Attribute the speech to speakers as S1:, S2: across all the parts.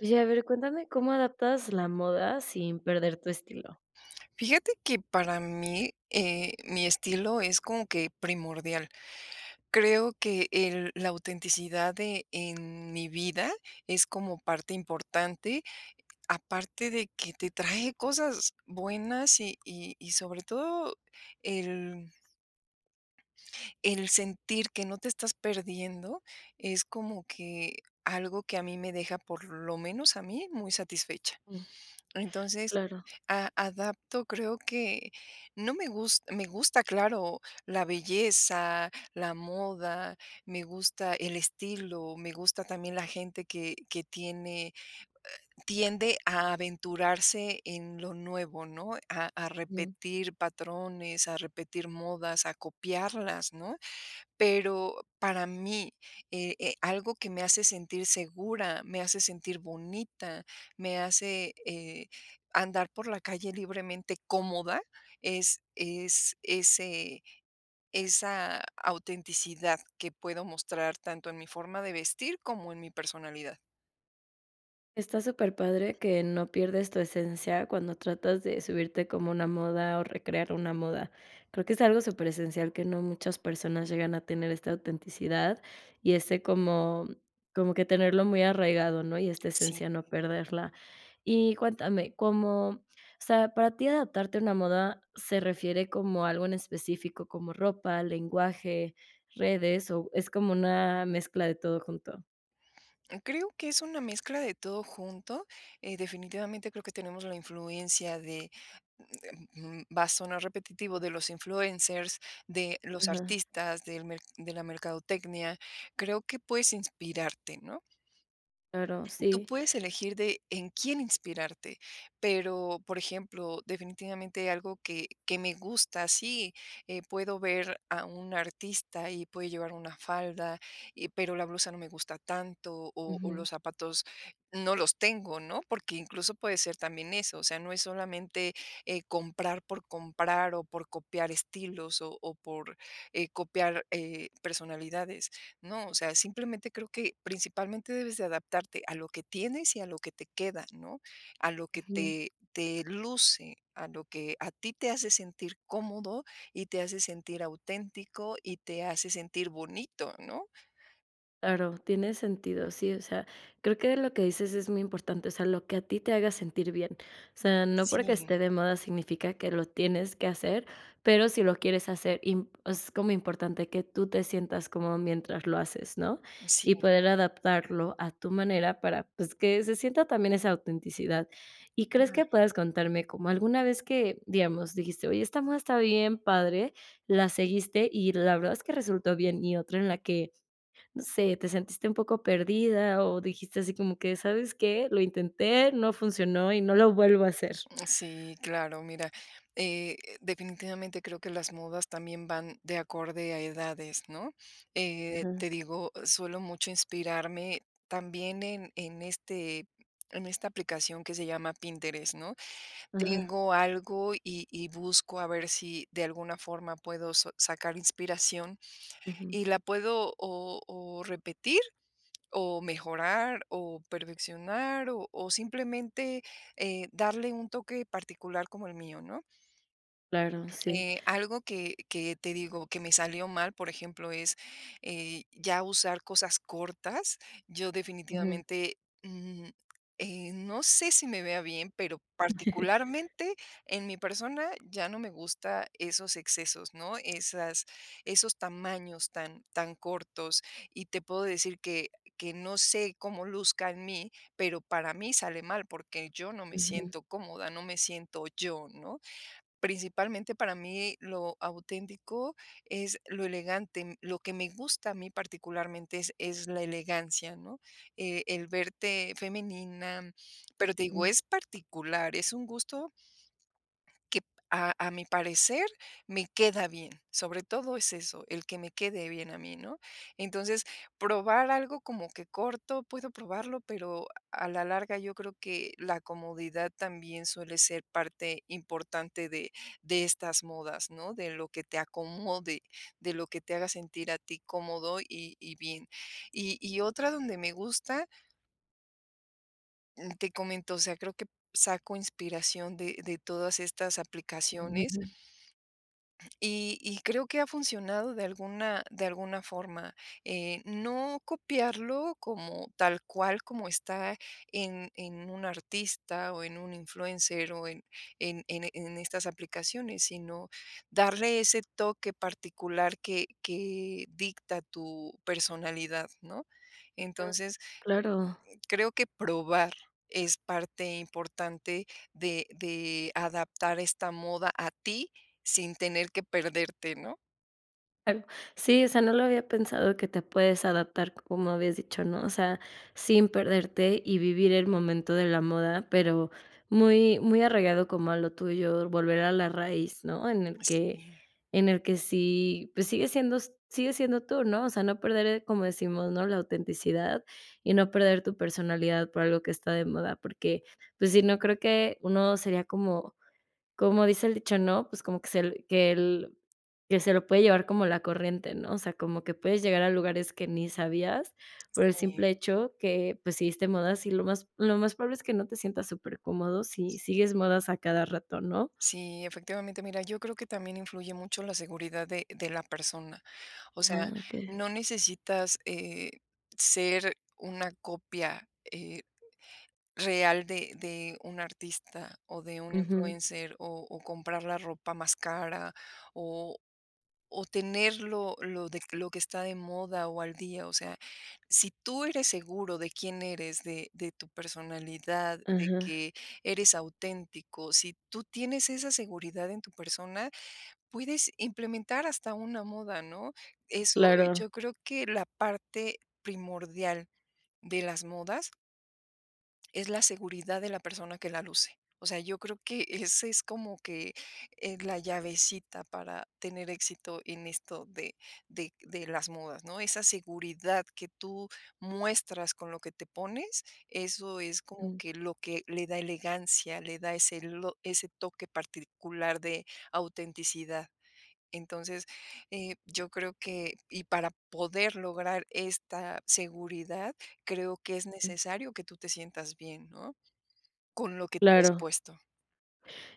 S1: Oye, a ver, cuéntame cómo adaptas la moda sin perder tu estilo.
S2: Fíjate que para mí, eh, mi estilo es como que primordial. Creo que el la autenticidad de en mi vida es como parte importante, aparte de que te trae cosas buenas y y y sobre todo el el sentir que no te estás perdiendo es como que algo que a mí me deja, por lo menos a mí muy satisfecha.
S1: Mm,
S2: Entonces,
S1: claro.
S2: a adapto, creo que no me gus me gusta, claro, la belleza, la moda, me gusta el estilo, me gusta también la gente que que tiene eh, tiende a aventurarse en lo nuevo, ¿no?, a a
S1: Mm.
S2: repetir patrones, a repetir modas, a copiarlas, ¿no?, pero para mí, eh eh, algo que me hace sentir segura, me hace sentir bonita, me hace, eh, andar por la calle libremente cómoda, es es ese esa autenticidad que puedo mostrar tanto en mi forma de vestir como en mi personalidad.
S1: Está superpadre que no pierdes tu esencia cuando tratas de subirte como una moda o recrear una moda. Creo que es algo superesencial que no muchas personas llegan a tener esta autenticidad y ese como como que tenerlo muy arraigado, ¿no? Y esta
S2: Sí.
S1: esencia no perderla. Y cuéntame, como o sea, ¿para ti adaptarte a una moda se refiere como algo en específico, como ropa, lenguaje, redes o es como una mezcla de todo junto?
S2: Creo que es una mezcla de todo junto, eh, definitivamente creo que tenemos la influencia de mm, eh, mm, va a sonar repetitivo, de los influencers, de los
S1: Ajá.
S2: artistas, del mer de la mercadotecnia. Creo que puedes inspirarte, ¿no?
S1: Claro,
S2: Tú
S1: sí.
S2: puedes elegir de en quién inspirarte, pero por ejemplo, definitivamente algo que que me gusta. Sí, puedo ver a un artista y puede llevar una falda y pero la blusa no me gusta tanto o o
S1: Ujú.
S2: los zapatos no los tengo, ¿no? Porque incluso puede ser también eso. O sea, no es solamente, eh, comprar por comprar o por copiar estilos o o por, eh, copiar, eh, personalidades. No, o sea, simplemente creo que principalmente debes de adaptarte a lo que tienes y a lo que te queda, ¿no? A lo que
S1: Ujú.
S2: te te luce, a lo que a ti te hace sentir cómodo y te hace sentir auténtico y te hace sentir bonito, ¿no?
S1: Claro, tiene sentido. Sí, o sea, creo que lo que dices es muy importante. O sea, lo que a ti te haga sentir bien. O sea, no porque
S2: Sí.
S1: esté de moda significa que lo tienes que hacer, pero si lo quieres hacer imp es como importante que tú te sientas cómodo mientras lo haces, ¿no?
S2: Sí.
S1: Y poder adaptarlo a tu manera para, pues, que se sienta también esa autenticidad. Y crees que
S2: Claro.
S1: puedas contarme como alguna vez que digamos, dijiste: "Oye, esta moda está bien, padre", la seguiste, y la verdad es que resultó bien. Y otra en la que, no sé, te sentiste un poco perdida, o dijiste así como que: "¿Sabes qué? Lo intenté, no funcionó y no lo vuelvo a hacer".
S2: Mm, sí, claro. Mira, eh, definitivamente creo que las modas también van de acorde a edades, ¿no? Eh,
S1: Ajá.
S2: te digo, suelo mucho inspirarme también en en este en esta aplicación que se llama Pinterest, ¿no?
S1: Ajá.
S2: Tengo algo, y y busco a ver si de alguna forma puedo sa-sacar inspiración,
S1: Ujú.
S2: y la puedo, o o repetir, o mejorar, o perfeccionar o o simplemente, eh, darle un toque particular como el mío, ¿no?
S1: Claro, sí.
S2: Eh, algo que que te digo que me salió mal, por ejemplo, es, eh, ya usar cosas cortas. Yo
S1: Ujú.
S2: definitivamente, mm, eh, no sé si me vea bien, pero particularmente en mi persona ya no me gusta esos excesos, ¿no? Esas esos tamaños tan tan cortos, y te puedo decir que que no sé cómo luzca en mí, pero para mí sale mal, porque yo no me
S1: Ujú.
S2: siento cómoda. No me siento yo, ¿no? Principalmente, para mí lo auténtico, es lo elegante. Lo que me gusta, a mí particularmente, es es la elegancia, ¿no? Eh, el verte femenina, pero te digo,
S1: Ujú.
S2: es particular, es un gusto que, a a mi parecer, me queda bien. Sobre todo es eso, el que me quede bien a mí, ¿no? Entonces, probar algo como que corto, puedo probarlo, pero a la larga yo creo que la comodidad también suele ser parte importante de de estas modas, ¿no? De lo que te acomode, de lo que te haga sentir a ti cómodo, y y bien. Y y otra donde me gusta Mm, te comento. O sea, creo que saco inspiración de de todas estas aplicaciones.
S1: Ujú.
S2: Y y creo que ha funcionado de alguna de alguna forma. Eh, no copiarlo como tal cual como está en en un artista, o en un influencer, o en en en en estas aplicaciones, sino darle ese toque particular que que dicta tu personalidad, ¿no?
S1: Ah,
S2: Entonces
S1: claro.
S2: creo que probar es parte importante de de adaptar esta moda a ti, sin tener que perderte, ¿no?
S1: Tal sí, o sea, no lo había pensado que te puedes adaptar como habías dicho, ¿no? O sea, sin perderte, y vivir el momento de la moda, pero muy, muy arraigado como a lo tuyo, volver a la raíz, ¿no? En el
S2: Pues,
S1: que
S2: sí.
S1: en el que sí, pues, sigue siendo s sigues siendo tú, ¿no? O sea, no perder, como decimos, no la autenticidad y no perder tu personalidad por algo que está de moda, porque, pues, sí no creo que uno sería como como dice el dicho, ¿no? Pues, como que se que que se lo puede llevar como la corriente, ¿no? O sea, como que puedes llegar a lugares que ni sabías por el
S2: Sí.
S1: simple hecho que, pues, seguiste modas y lo más lo más probable es que no te sientas super cómodo
S2: Sí.
S1: si sigues modas a cada rato, ¿no?
S2: Sí, efectivamente. Mira, yo creo que también influye mucho la seguridad de de la persona. O sea,
S1: Ah, okey.
S2: no necesitas, eh, ser una copia, eh, real de de un artista, o de un
S1: Ujú.
S2: influencer, o o comprar la ropa más cara, o o tenerlo lo de lo que está de moda o al día, o sea. Si tú eres seguro de quién eres, de de tu personalidad de
S1: Ajá.
S2: que eres auténtico. Si tú tienes esa seguridad en tu persona puedes implementar hasta una moda, ¿no? Eso
S1: Claro.
S2: yo creo que la parte primordial de las modas. Es la seguridad de la persona que la luce. O sea, yo creo que ese es como, que, eh, la llavecita para tener éxito en esto de de de las modas, ¿no? Esa seguridad que tú muestras con lo que te pones, eso es como que lo que le da elegancia, le da ese ese toque particular de autenticidad. Entonces, eh, yo creo que y para poder lograr esta seguridad, creo que es necesario que tú te sientas bien, ¿no? Con lo que traes
S1: Claro.
S2: puesto.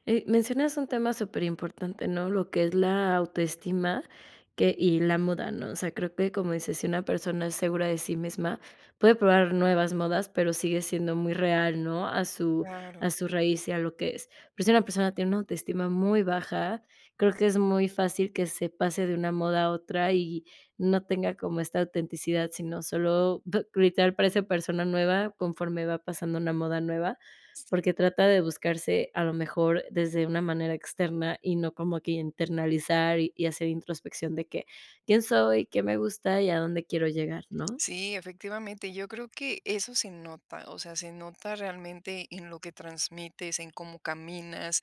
S1: Eh, mencionas un tema superimportante, ¿no? Lo que es la autoestima que y la moda, ¿no? O sea, creo que como dices, si una persona es segura de sí misma, puede probar nuevas modas, pero sigue siendo muy real, ¿no? A su
S2: Claro.
S1: a su raíz y a lo que es, pero si una persona tiene una autoestima muy baja, creo que es muy fácil que se pase de una moda a otra, y no tenga como esta autenticidad, sino solo gritar para esa persona nueva, conforme va pasando una moda nueva. Porque trata de buscarse a lo mejor desde una manera externa, y no como que internalizar, y hacer introspección de que: "¿Quién soy? ¿Qué me gusta y a dónde quiero llegar?", ¿no?
S2: Sí, efectivamente, yo creo que eso se nota, o sea, se nota realmente en lo que transmites en cómo caminas,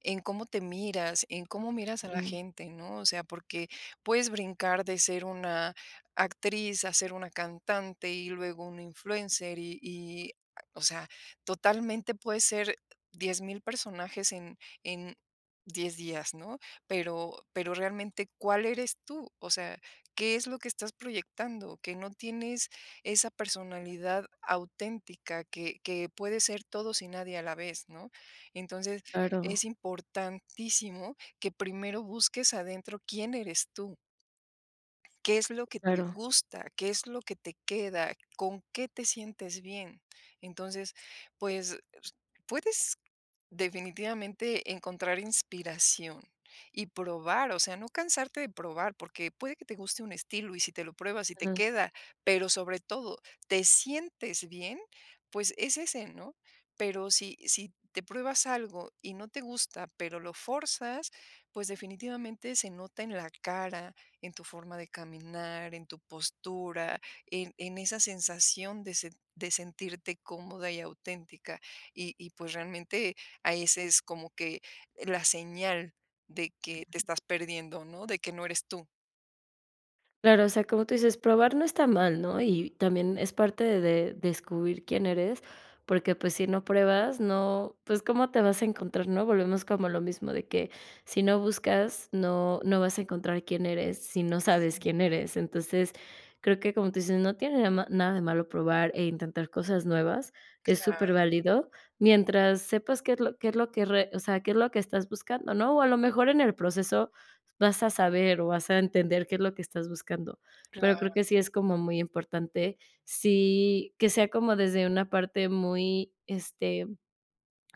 S2: en cómo te miras, en cómo miras a la
S1: Ujú.
S2: gente, ¿no? O sea, porque puedes brincar de ser una actriz a ser una cantante, y luego un influencer, y y, o sea, totalmente puedes ser 10,000 personajes en en 10 días, ¿no? Pero pero realmente ¿cuál eres tú? O sea, ¿qué es lo que estás proyectando? Que no tienes esa personalidad auténtica que que puede ser todos y nadie a la vez, ¿no? Entonces, es
S1: Claro.
S2: importantísimo que primero busques adentro. ¿Quién eres tú? ¿Qué es lo que te
S1: Claro.
S2: gusta? ¿Qué es lo que te queda? ¿Con qué te sientes bien? Entonces, pues, puedes definitivamente encontrar inspiración y probar, o sea, no cansarte de probar, porque puede que te guste un estilo, y si te lo pruebas y te
S1: Ujú.
S2: queda, pero sobre todo te sientes bien, pues, es ese, ¿no? Pero sí, si te pruebas algo y no te gusta, pero lo fuerzas, pues, definitivamente se nota en la cara, en tu forma de caminar, en tu postura, en en esa sensación de se de sentirte cómoda y auténtica. Y y, pues, realmente ahí es es como que la señal de que te estás perdiendo, ¿no? De que no eres tú.
S1: Claro, o sea, como tú dices probar no está mal, ¿no? Y también es parte de descubrir quién eres, porque, pues, si no pruebas, ¿no? Pues, ¿cómo te vas a encontrar?, ¿no? Volvemos como lo mismo de que si no buscas no, no vas a encontrar quién eres, si no sabes
S2: Sí.
S1: quién eres. Entonces, creo que como tú dices, no tiene de ma nada de malo probar e intentar cosas nuevas es
S2: Claro.
S1: super válido. Mientras sepas qué es lo qué es lo que re o sea, qué es lo que estás buscando, ¿no? O a lo mejor en el proceso vas a saber o vas a entender qué es lo que estás buscando, pero creo
S2: Claro.
S1: que sí es como muy importante, si que sea como desde una parte muy, este,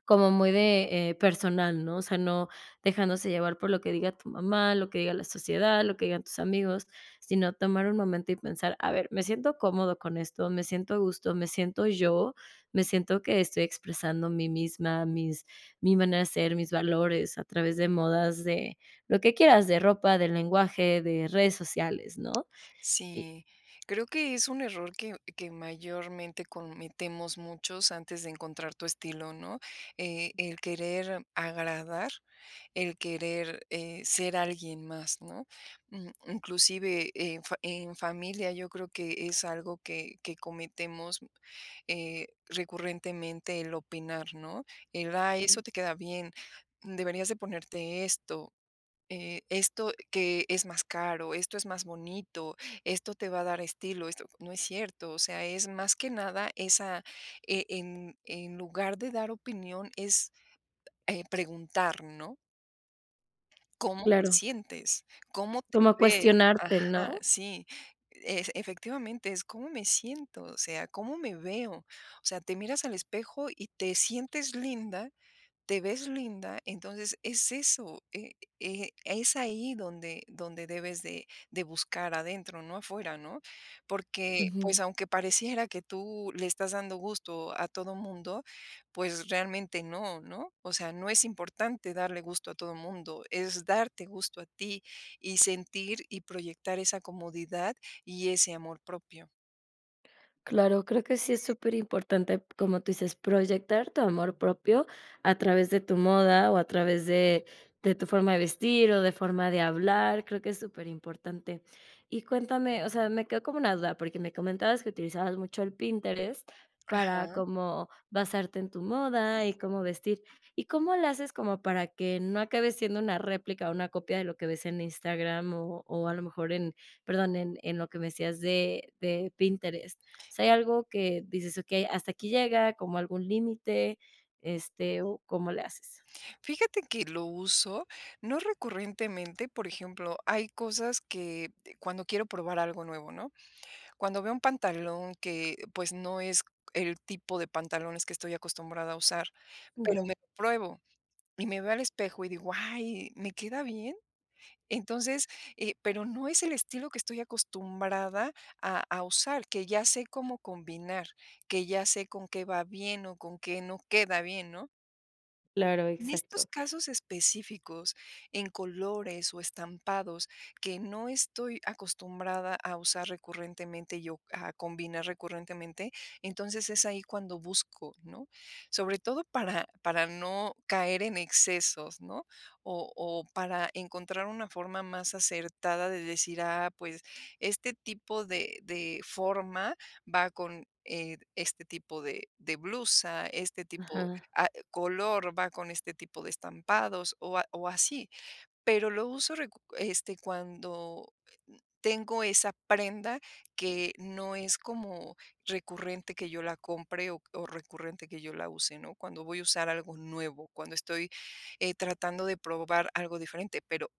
S1: como muy de, eh, personal, ¿no? O sea, no dejándose llevar por lo que diga tu mamá, lo que diga la sociedad, lo que digan tus amigos, sino tomar un momento, y pensar a ver: "Me siento cómodo con esto, me siento a gusto, me siento yo, me siento que estoy expresando mi misma, mis mi manera de ser, mis valores", a través de modas, de lo que quieras de ropa, del lenguaje de redes sociales, ¿no? Y
S2: Sí, creo que es un error que que mayormente cometemos muchos antes de encontrar tu estilo, ¿no? Eh, el querer agradar, el querer, eh, ser alguien más, ¿no? Mm, inclusive, en fa en familia, yo creo que es algo que que cometemos, eh, recurrentemente el opinar, ¿no? El: "Ay eso
S1: Sí.
S2: te queda bien, deberías de ponerte esto". Eh: "Esto que es más caro, esto es más bonito, esto te va a dar estilo, esto". No es cierto, o sea, es más que nada esa, eh, en en lugar de dar opinión es, eh, preguntar, ¿no? Cómo te
S1: Claro.
S2: sientes, cómo te
S1: Como
S2: ves,
S1: cuestionarte,
S2: ajá,
S1: ¿no?
S2: sí, ef efectivamente, es cómo me siento, o sea, cómo me veo. O sea, te miras al espejo y te sientes linda, te ves linda, entonces es eso. Eh, eh, es ahí donde donde debes de de buscar adentro, no afuera, ¿no?, porque, pues
S1: Ujú.
S2: aunque pareciera que tú le estás dando gusto a todo mundo, pues realmente no, ¿no? O sea, no es importante darle gusto a todo mundo. Es darte gusto a ti, y sentir, y proyectar esa comodidad y ese amor propio.
S1: Claro. Creo que sí es superimportante, como tú dices proyectar tu amor propio a través de tu moda o a través de de tu forma de vestir, o de forma de hablar. Creo que es superimportante y cuéntame, o sea, me quedo como una duda porque me comentabas que utilizabas mucho el Pinterest para
S2: Ajá.
S1: cómo basarte en tu moda y cómo vestir y, ¿cómo le haces como para que no acabe siendo una réplica o una copia de lo que ves en Instagram, o o a lo mejor en, perdón, en en lo que me decías de de Pinterest? ¿O sea, hay algo que dices: "Okey, hasta aquí llega, como algún límite", este, o cómo le haces?
S2: Fíjate que lo uso, no recurrentemente, por ejemplo, hay cosas que, eh, cuando quiero probar algo nuevo, ¿no?, cuando veo un pantalón que, pues, no es el tipo de pantalones que estoy acostumbrada a usar, pero
S1: Ujú.
S2: me lo pruebo y me veo al espejo y digo: "Ay, me queda bien", entonces, eh, pero no es el estilo que estoy acostumbrada a a usar que ya sé cómo combinar, que ya sé con qué va bien o con qué no queda bien, ¿no?
S1: Claro.
S2: En estos
S1: Exacto.
S2: casos específicos, en colores, o estampados que no estoy acostumbrada a usar recurrentemente, yo a combinar recurrentemente. Entonces es ahí cuando busco, ¿no? Sobre todo para para no caer en excesos, ¿no? O o para encontrar una forma más acertada de decir: "Ah, pues, este tipo de de forma va con, eh, este tipo de de blusa, este tipo,
S1: Ajá.
S2: ah, color, va con este tipo de estampados o a o así. Pero lo uso recurre este, cuando tengo esa prenda, que no es como recurrente que yo la compre o o recurrente que yo la use, ¿no? Cuando voy a usar algo nuevo, cuando estoy, eh, tratando de probar algo diferente, pero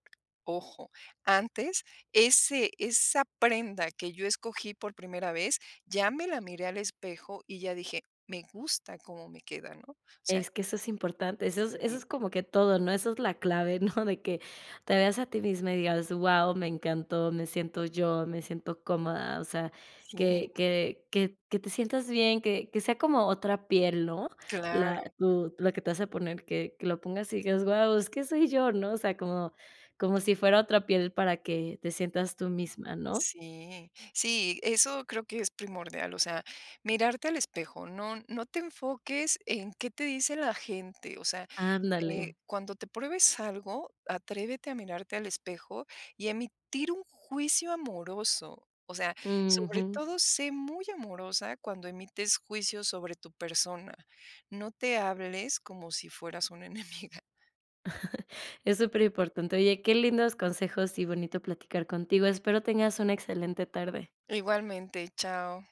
S2: ojo, antes ese esa prenda que yo escogí por primera vez, ya me la miré al espejo y ya dije, me gusta cómo me queda, ¿no? O sea
S1: Es que eso es importante. Eso es eso
S2: Sí.
S1: es como que todo, ¿no? Eso es la clave, ¿no? De que te veas a ti misma y digas: "Guau, me encantó, me siento yo, me siento cómoda". O sea,
S2: Sí.
S1: que que que que te sientas bien, que que sea como otra piel, ¿no? La
S2: Claro.
S1: tu la que te vas a poner, que que lo pongas y digas: "Guau, es que soy yo", ¿no? O sea, como como si fuera otra piel para que te sientas tú misma, ¿no?
S2: Sí sí, eso creo que es primordial, o sea, mirarte al espejo, no no te enfoques en qué te dice la gente. O sea, eh,
S1: Ándale.
S2: cuando te pruebes algo, atrévete a mirarte al espejo y a emitir un juicio amoroso, o sea, sobre
S1: Ujú.
S2: todo, sé muy amorosa cuando emites juicios sobre tu persona. No te hables como si fueras una enemiga.
S1: Es superimportante. Oye, qué lindos consejos y bonito platicar contigo, espero que tengas una excelente tarde.
S2: Igualmente. Chao.